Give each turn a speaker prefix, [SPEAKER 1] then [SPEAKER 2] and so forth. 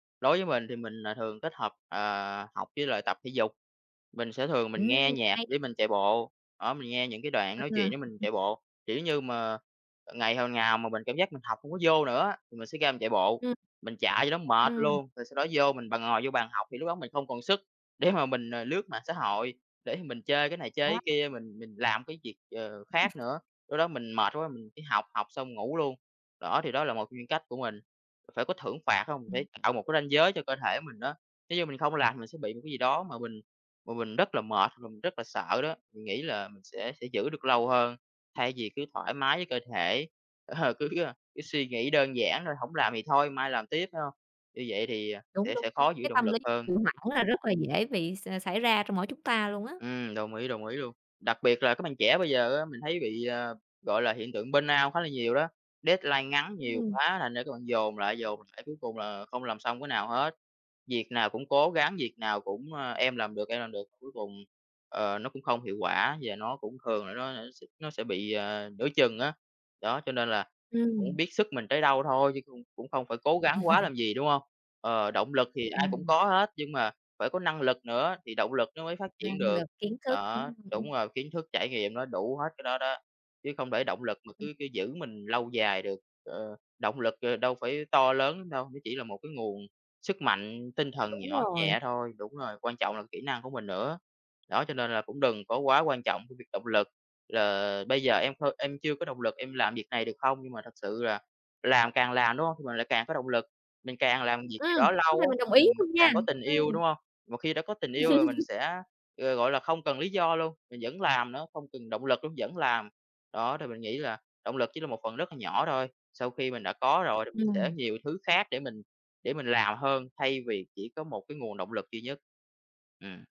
[SPEAKER 1] Đối với mình thì mình, ờ, thường kết hợp, ờ, học với lại tập thể dục, mình sẽ thường mình nghe
[SPEAKER 2] Ừm,
[SPEAKER 1] nhạc
[SPEAKER 2] hay á.
[SPEAKER 1] để mình chạy bộ, đó mình nghe những cái đoạn
[SPEAKER 2] Ờ.
[SPEAKER 1] nói chuyện để mình chạy bộ. Kiểu
[SPEAKER 2] [unintelligible]
[SPEAKER 1] như mà, ờ, ngày hôm nào mà mình cảm giác mình học hổng có vô nữa á, thì mình sẽ ra mình chạy bộ,
[SPEAKER 2] Ừm.
[SPEAKER 1] mình chạy cho nó mệt
[SPEAKER 2] Ừm.
[SPEAKER 1] luôn, rồi sau đó vô mình b ngồi vô bàn học, thì lúc đó mình không còn sức để mà mình, ờ, lướt mạng xã hội, để mình chơi cái này chơi
[SPEAKER 2] Wow!
[SPEAKER 1] cái kia mình mình làm cái việc, ờ,
[SPEAKER 2] Ừm.
[SPEAKER 1] khác nữa, lúc đó mình mệt quá, mình chỉ học học xong ngủ luôn. Đó thì đó là một trong những cách của mình. Phải có thưởng phạt, hông? Để
[SPEAKER 2] Ừm.
[SPEAKER 1] tạo một cái ranh giới cho cơ thể mình á. Nếu như mình không làm thì mình sẽ bị một cái gì đó mà mình mà mình rất là mệt, và mình rất là sợ đó, mình nghĩ là mình sẽ sẽ giữ được lâu hơn, thay vì cứ thoải mái với cơ thể, ờ, cứ, ơ, cứ suy nghĩ đơn giản thôi hổng làm thì thôi mai làm tiếp, phải hông? Như vậy thì, ờ,
[SPEAKER 2] Đúng,
[SPEAKER 1] sẽ
[SPEAKER 2] đúng,
[SPEAKER 1] sẽ
[SPEAKER 2] đúng!
[SPEAKER 1] khó giữ
[SPEAKER 2] Cái
[SPEAKER 1] động
[SPEAKER 2] tâm
[SPEAKER 1] lực
[SPEAKER 2] lý
[SPEAKER 1] hơn.
[SPEAKER 2] trì hoãn là rất là dễ bị x xảy ra trong mỗi chúng ta luôn á.
[SPEAKER 1] Ừm, đồng ý, đồng ý luôn! Đặc biệt là các bạn trẻ bây giờ á, mình thấy bị, ờ, gọi là hiện tượng Burnout khá là nhiều đó, deadline ngắn nhiều
[SPEAKER 2] Ừm.
[SPEAKER 1] quá thành ra các bạn dồn lại, dồn lại cuối cùng là không làm xong cái nào hết, việc nào cũng cố gắng, việc nào cũng, ờ, "Em làm được, em làm được." Cuối cùng, ờ, nó cũng không hiệu quả và nó cũng thường là nó, ơ, nó s nó sẽ bị, ờ, nửa chừng á. Đó cho nên là cũng
[SPEAKER 2] Ừm.
[SPEAKER 1] biết sức mình tới đâu thôi, chứ cũng cũng không phải cố gắng quá làm gì, đúng hông? Ờ, động lực thì ai cũng
[SPEAKER 2] Ừm.
[SPEAKER 1] có hết, nhưng mà phải có năng lực nữa thì động lực nó mới phát triển
[SPEAKER 2] Năng
[SPEAKER 1] được.
[SPEAKER 2] lực kiến thức, đúng
[SPEAKER 1] Đó,
[SPEAKER 2] hông? Ừm, ưm.
[SPEAKER 1] đúng rồi kiến thức, trải nghiệm, nó đủ hết cái đó đó, chứ không để động lực mà
[SPEAKER 2] Ừm.
[SPEAKER 1] cứ cứ giữ mình lâu dài được, ờ, động lực, ờ, đâu phải to lớn lắm đâu, nó chỉ là một cái nguồn sức mạnh tinh thần
[SPEAKER 2] Đúng
[SPEAKER 1] nhỏ
[SPEAKER 2] rồi!
[SPEAKER 1] nhẹ thôi, đúng rồi, quan trọng là kỹ năng của mình nữa. Đó cho nên là cũng đừng có quá quan trọng cái việc động lực là, ờ, "Bây giờ em thôi em chưa có động lực em làm việc này được không?" Nhưng mà thật sự là làm càng làm, đúng hông? Thì mình lại càng có động lực, mình càng làm việc gì đó
[SPEAKER 2] Ừm, cái này
[SPEAKER 1] lâu
[SPEAKER 2] mình đồng
[SPEAKER 1] á,
[SPEAKER 2] ý
[SPEAKER 1] mình
[SPEAKER 2] luôn nha.
[SPEAKER 1] càng có tình yêu,
[SPEAKER 2] Ừm.
[SPEAKER 1] đúng hông? Mà khi đã có tình yêu rồi mình sẽ, ờ, gọi là, không cần lý do luôn, mình vẫn làm nữa, không cần động lực luôn, vẫn làm. Đó thì mình nghĩ là động lực chỉ là một phần rất là nhỏ thôi, sau khi mình đã có rồi thì mình sẽ
[SPEAKER 2] Ừm.
[SPEAKER 1] nhiều thứ khác để mình để mình làm hơn, thay vì chỉ có một cái nguồn động lực duy nhất. Ừm.